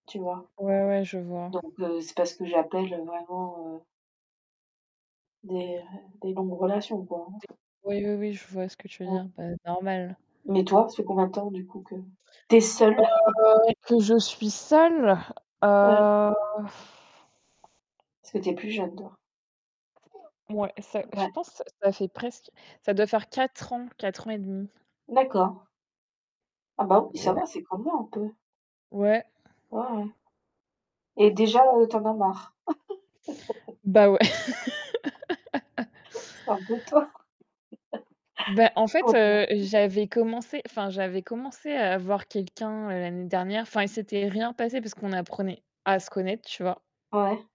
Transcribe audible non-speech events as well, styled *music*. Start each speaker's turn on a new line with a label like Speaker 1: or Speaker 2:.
Speaker 1: Tu vois?
Speaker 2: Ouais, ouais, je vois.
Speaker 1: Donc heu, c'est pas ce que j'appelle, heu, vraiment, heu des des longues relations, quoi,
Speaker 2: Tu es
Speaker 1: hein.
Speaker 2: oui, oui, oui, je vois ce que tu veux
Speaker 1: Mmh.
Speaker 2: dire, bah, normal.
Speaker 1: Mais toi, ça fait combien de temps du coup que tu es seule?
Speaker 2: Heu,
Speaker 1: *chuckles*
Speaker 2: que je suis seule? Heu
Speaker 1: Parce que tu es plus jeune dehors.
Speaker 2: Mouais, ça je
Speaker 1: Ouais.
Speaker 2: pense ça ça fait presque ça doit faire 4 ans, 4 ans et 1/2.
Speaker 1: D'accord. Ah bah oui, ça
Speaker 2: Ouais.
Speaker 1: va. C'est comme moi, un peu.
Speaker 2: Ouais.
Speaker 1: Ouais, ouais et déjà, heu, tu en as marre?
Speaker 2: Bah ouais. *laughs*
Speaker 1: *laughs* C'est un peu tôt.
Speaker 2: Bah, en fait, heu,
Speaker 1: *laughs* *unintelligible*
Speaker 2: j'avais commencé enfin, j'avais commencé à voir quelqu'un, heu, l'année dernière. Enfin, il s'était rien passé, parce qu'on apprenait à se connaître, tu vois?
Speaker 1: Ouais.